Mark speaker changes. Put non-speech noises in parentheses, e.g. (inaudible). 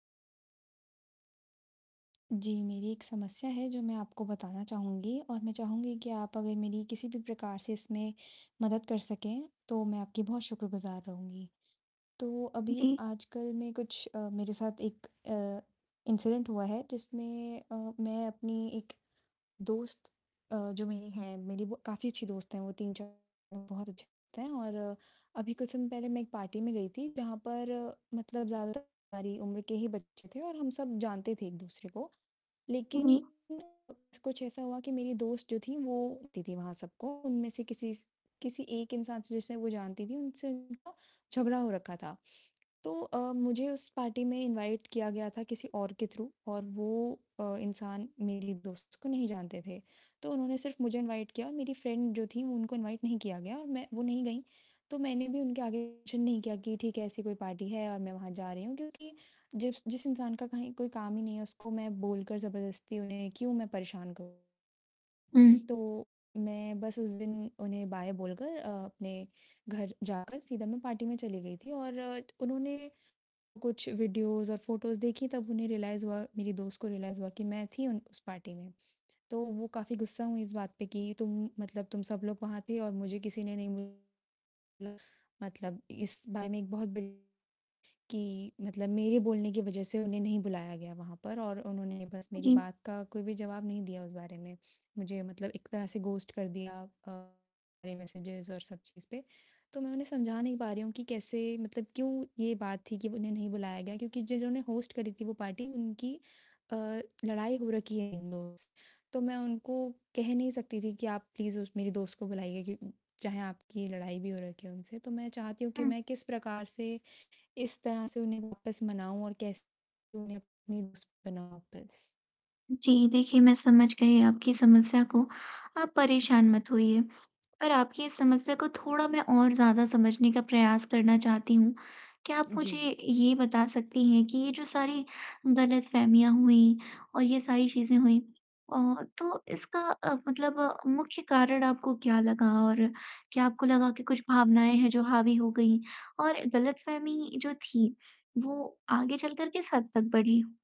Speaker 1: जी, मेरी एक समस्या है जो मैं आपको बताना चाहूँगी और मैं चाहूँगी कि आप अगर मेरी किसी भी प्रकार से इसमें मदद कर सकें तो मैं आपकी बहुत शुक्रगुजार रहूँगी। तो अभी
Speaker 2: जी।
Speaker 1: आजकल में कुछ अ, मेरे साथ एक अ, इंसिडेंट हुआ है जिसमें अ, मैं अपनी एक दोस्त अ, जो मेरी है, मेरी काफ़ी अच्छी दोस्त हैं, वो 3-4 बहुत अच्छे दोस्त हैं और अभी कुछ समय पहले मैं एक पार्टी में गई थी जहाँ पर मतलब ज़्यादातर हमारी उम्र के ही बच्चे थे और हम सब जानते थे एक-दूसरे को।
Speaker 2: उ,
Speaker 1: लेकिन
Speaker 2: जी।
Speaker 1: कुछ ऐसा हुआ कि मेरी दोस्त जो थी वो होती थी सबको, उनमें से किसी स किसी एक इंसान से जिसे वो जानती थी, उनसे उनका झगड़ा हो रखा था। तो अ, मुझे उस पार्टी में इनवाइट किया गया था किसी और के थ्रू और वो अ, इंसान मेरी दोस्त को नहीं जानते थे। तो उन्होंने सिर्फ़ मुझे इनवाइट किया और मेरी फ्रेंड जो थी उनको इनवाइट नहीं किया गया और मैं वो नहीं गईं, तो मैंने भी उनके आगे मेंशन नहीं किया कि, ठीक है, ऐसी कोई पार्टी है और मैं वहाँ जा रही हूँ क्योंकि जिस जिस इंसान का कहीं कोई काम ही नहीं है उसको मैं बोलकर जबरदस्ती उन्हें क्यों मैं परेशान करूँ।
Speaker 2: उ
Speaker 1: तो मैं बस उस दिन उन्हें बाय बोलकर अ, अपने घर जाकर सीधा मैं पार्टी में चली गई थी और उन्होंने कुछ वीडियोज़ और फ़ोटोज़ देखी तब उन्हें रियलाइज़ हुआ मेरी दोस्त को रियलाइज़ हुआ कि मैं थी उन उस पार्टी में, तो वो काफ़ी गुस्सा हुई इस बात पर कि तुम मतलब तुम सब लोग वहाँ थे और मुझे किसी ने नहीं मतलब इस बारे में एक बहुत (unintelligible) कि मतलब मेरे बोलने की वज़ह से उन्हें नहीं बुलाया गया वहाँ पर और उन्होंने बस
Speaker 2: उ,
Speaker 1: मेरी
Speaker 2: जी।
Speaker 1: बात का कोई भी जवाब नहीं दिया उस बारे में, मुझे मतलब एक तरह से गोस्ट कर दिया अ, मेरे मैसेज़ और सब चीज़ पे, तो मैं उन्हें समझा नहीं पा रही हूँ कि कैसे मतलब क्यों ये बात थी कि उन्हें नहीं बुलाया गया क्योंकि जिन्होंने होस्ट करी थी वो पार्टी उनकी अ, लड़ाई हो रखी है इन (unintelligible) तो मैं उनको कह नहीं सकती थी कि आप प्लीज़ मेरी दोस्त को बुलाइए क्यों चाहे आपकी लड़ाई भी हो रखी हो उनसे, तो मैं चाहती हूँ कि
Speaker 2: हुँ।
Speaker 1: मैं किस प्रकार से इस तरह से उन्हें वापस मनाऊँ और कैसे उन्हें अपनी दोस्त बनाऊँ वापस।
Speaker 2: जी देखिए, मैं समझ गई आपकी समस्या को, आप परेशान मत होइए, पर आपकी इस समस्या को थोड़ा मैं और ज़्यादा समझने का प्रयास करना चाहती हूँ। क्या आप मुझे
Speaker 1: जी।
Speaker 2: ये बता सकती हैं कि ये जो सारी गलतफ़हमियाँ हुईं और ये सारी चीज़ें हुईं ओ, तो इसका अ, मतलब मुख्य कारण आपको क्या लगा और क्या आपको लगा कि कुछ भावनाएँ हैं जो हावी हो गई और गलतफ़हमी जो थी वो आगे चलकर किस हद तक बढ़ी?